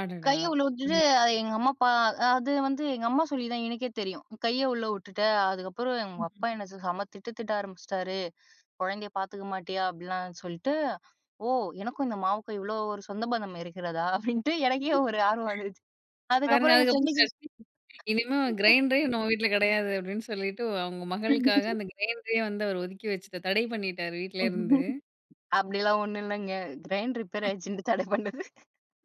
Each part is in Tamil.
அடடா! கைய உள்ள உட்டுட்டு, ம். அத எங்க அம்மா பா அது வந்து எங்க அம்மா சொல்லி தான் எனக்கே தெரியும். "உன் கைய உள்ள உட்டுட்ட. அதுக்கப்புறம் உங்க ம். ம். அப்பா என்ன செம திட்டு திட்ட ஆரம்பிச்சிட்டாரு குழந்தைய பாத்துக்க மாட்டியா?" அப்படிலாம் சொல்ட்டு. "ஓ! எனக்கும் இந்த மாவுக்கும் இவ்ளோ ஒரு சொந்த பந்தம் இருக்கிறதா" அப்படின்ட்டு எனக்கே ஒரு ஆர்வம் வந்துச்சு. பாருங்க அதுக்கப்புறம் என் அதுக்கப்புறம் ஃப்ரெண்டுக்கு சட்னி "இனிமே கிரைண்டரே நம்ம வீட்ல கிடையாது" அப்டின்னு சொல்லிட்டு அவுங்க மகளுக்காக அந்த கிரைண்டரே வந்து அவர் ஒதுக்கி வச்சுட்டு தடை பண்ணிட்டாரு வீட்ல இருந்து. [unintelligible] அப்டிலாம் ஒண்ணும் இல்லங்க. கிரைண்ட் ரிப்பேர் ஆயிடுச்சுன்னு தடை பண்ணது.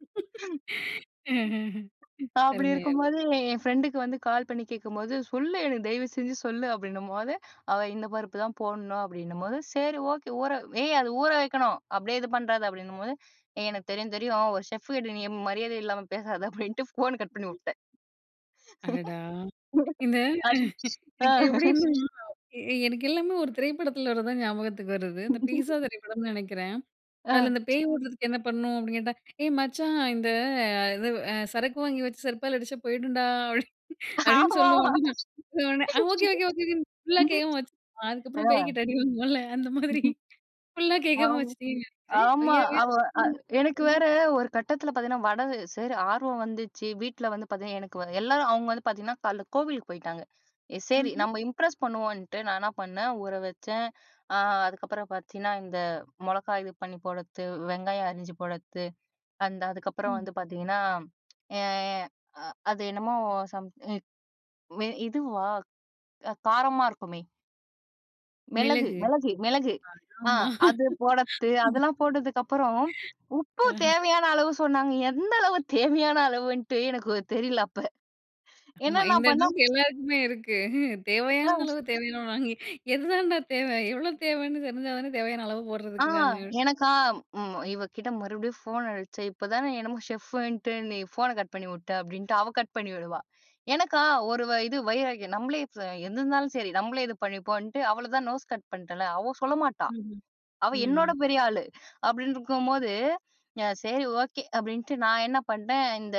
அஹ்ஹஹன். தா அப்டி அருமை அருமை. இருக்கும்போது என் ஃப்ரெண்டுக்கு வந்து கால் பண்ணி கேட்கும்போது, "சொல்லு எனக்கு தயவு செஞ்சு சொல்லு" அப்படின்னும்போது, "அவ இந்த பருப்பு தான் போட்ணும்" அப்படின்னும்போது, "சரி ஓக்கே! ஊற ஏய் அது ஊற வைக்கணும். அப்டியே இது பண்றாத" அப்படின்னும் போது. "ஏய் எனக்கு தெரியும் தெரியும் ஒரு செஃப் கிட்ட நீ மரியாத இல்லாம பேசாத" அப்டின்ட்டு ஃபோன் கட் பண்ணி உட்டேன். அடடா! இந்த அ. [unintelligible] ஆ. இதுக்கு எப்டின்னா, எ எனக்கு எல்லாமே 1 திரைப்படத்துல வரதுதான் ஞாபகத்துக்கு வருது. இந்த "பீஸ்ஸா" திரைப்படம்னு நெனைக்கிறன். ஆ. அதுல "இந்த பேய் ஓட்றதுக்கு என்ன பண்ணணும்?" அப்படின்னு கேட்டா "ஏய் மச்சான் இந்த அ இது அ சரக்கு வாங்கி வச்சு செருப்பால அடிச்சா போயிடும்டா" அப்படி அப்படின்னு ஆமாமா. சொல்லுவானுங்க. உடனே ஆ ஓகே ஓகே ஓகே ஓகேன்னு ஃபுல்லா கேட்காம வச்சுருவான். அதுக்கப்புறம் ஆ. பேய்கிட்ட அடி வாங்குவான்ல! அந்த மாரி, ஃபுல்லா கேட்காம ஆம வச்சிட்டீங்கன்னு நெனைக்கிறன். ஆமா. அவ அ எனக்கு [unintelligible] வேற, ஒரு கட்டத்துல பாத்தீங்கன்னா, வடகு சரி ஆர்வம் வந்துச்சு. வீட்ல வந்து பாத்தீங்கன்னா எனக்கு எல்லாரும் அவுங்க வந்து பாத்தீங்கன்னா, காலைல கோவிலுக்கு போய்ட்டாங்க. எ செரி, ம்ஹ்ம். நம்ம இம்ப்ரெஸ் பண்ணுவோன்ட்டு நான் என்ன பண்ணன்? ஊற வச்சன், ஆ அதுக்கப்புறம் பத்தீங்கன்னா, இந்த மொளகாய் இது பண்ணி போடுறது வெங்காயம் அறிஞ்சு போடுறது அந்த அதுக்கப்புறம் ம். வந்து பாத்தீங்கன்னா, எ அ அது என்னமோ சம் எ வே இதுவா? அ காரமா இருக்குமே! மிளகு மிளகு. மிளகு மிளகு. அத ஆ ஆமா. அது போடுறது. அதெல்லாம் போட்டதுக்கப்புறம், உப்பு அஹ. தேவையான அளவு சொன்னாங்க, எந்த அளவு? தேவையான அளவுன்ட்டு எனக்கு தெரில அப்ப. என்னா ஆமா. நான் இந்த பண்ணன்! டவுட்டு எல்லாருக்குமே இருக்கு. அ. "தேவையான அளவு, தேவையான அளவுங்குறாய்ங்க, எதுதாண்டா தேவை? எவ்வளோ தேவைன்னு தெரிஞ்சா தானே! தேவையான அளவு ஆ. போட்றதுக்கு நானு" எனக்கா ம் இவ கிட்ட மறுபடியும் ஃபோன் அடிச்சே "இப்பதான என்னமோ ஷெஃபுன்ட்டு நீ ஃபோன கட் பண்ணி உட்ட" அப்டின்ட்டு அவ கட் பண்ணி விடுவா. எனக்கா, ஒரு வ இது. வைராக்கியம் நம்பளே ச என்னானாலும் சரி, நம்மளே இது பண்ணிப்போம்ன்ட்டு, அவள தான் நோஸ் கட் பண்ட்டேன்ல! அவ சொல்ல மாட்டா. ம் ம், அவ ம் என்னோட ம். பெரிய ஆளு. அப்டின்னு இருக்கும்போது. "எ சரி ஓக்கே" அப்படின்ட்டு நான் என்ன பண்ட்டேன், இந்த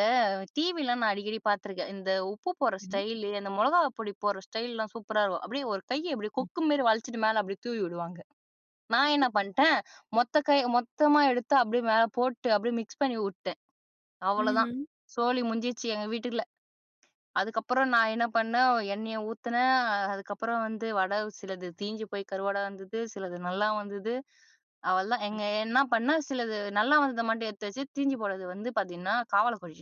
டிவிலாம் நான் அடிக்கடி பாத்துருக்கேன். இந்த உப்பு போடுற சரி. ஸ்டைலு, அந்த மொளகா பொடி போடுற ஸ்டைலுலாம் சூப்பரா இருக்கும். அப்டியே ஒரு கைய இப்டியே, ம். கொக்கு மேரி வளச்சுட்டு மேல அப்டியே தூவி உடுவாங்க. நான் என்ன பண்ட்டேன், மொத்த கை மொத்தமா எடுத்து அப்டியே மேல போட்டு, அப்டியே மிக்ஸ் பண்ணி உட்டேன். அவ்வளோ தான் ம்ஹ்ம். சோலி முடிஞ்ச்சு எங்க வீட்டுல்ல. அதுக்கப்புறம் நான் என்ன பண்ணன்? எண்ணெய ஊத்துனேன் அதுக்கப்புறம் வந்து வடை சிலது தீஞ்சு போய் கருவாடா வந்தது, சிலது நல்லா வந்துது. அவ்வளதான். எங்க என்ன பண்ணேன்? சிலது நல்லா வந்தத மட்டும் எடுத்து வச்சு தீஞ்சி போனது வந்து பாத்தீங்கன்னா, காவால கொட்டிட்டேன்.